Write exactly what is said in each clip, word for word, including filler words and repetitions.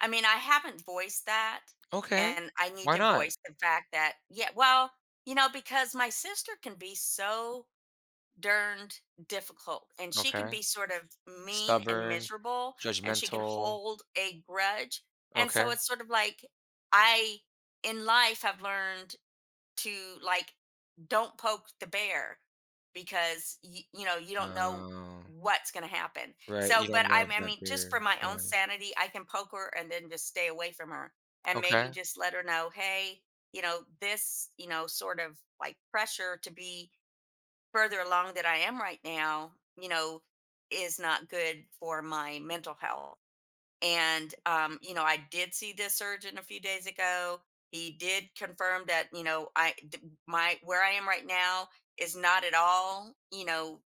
I mean, I haven't voiced that, Okay. and I need Why to not? voice the fact that yea well, you know, because my sister can be so darned difficult, and she can Okay. be sort of mean and Stubborn, miserable, and she can judgmental. hold a grudge, and so Okay. it's sort of like, I, in life, have learned to, like, don't poke the bear because, y you know, you don't know Oh. what's gonna happen. Right. So You don't but I know if m I that mean, just their for my own yeah. sanity, I can poke her and then just stay away from her, and maybe Okay. just let her know, "Hey, you know, this, you know, sort of, like, pressure to be further along than I am right now, you know, is not good for my mental health." And, um, you know, "I did see this surgeon a few days ago. He did confirm that, you know, I d my where I am right now is not at all, you know,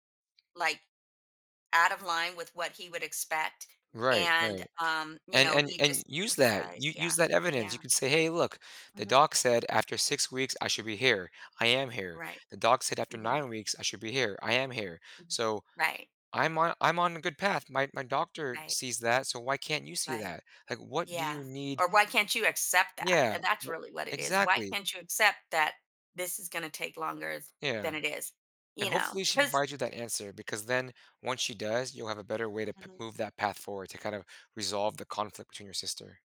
like, out of line with what he would expect. Right. And, Right. um, you And know, and he and just use that emphasized" u yeah. use that evidence. You Yeah. could say, "Hey, look. The Mhm. doc said after six weeks, I should be here. I am here. Right. The doc said after Mhm. nine weeks, I should be here. I am here. So Right. I'm on I'm on a good path. My my doctor Right. sees that, so why can't you see Right. that? Like, what do Yeah. you need" Or, "Why can't you accept that?" Yeah, And that's wo really what it is. "Why exactly. can't you accept that this is gonna take longer Yeah. than it is?" And, You hopefully, know, she 'cause provides you that answer because then, once she does, you'll have a better way to pe Mhm. move that path forward to kind of resolve the conflict between your sister.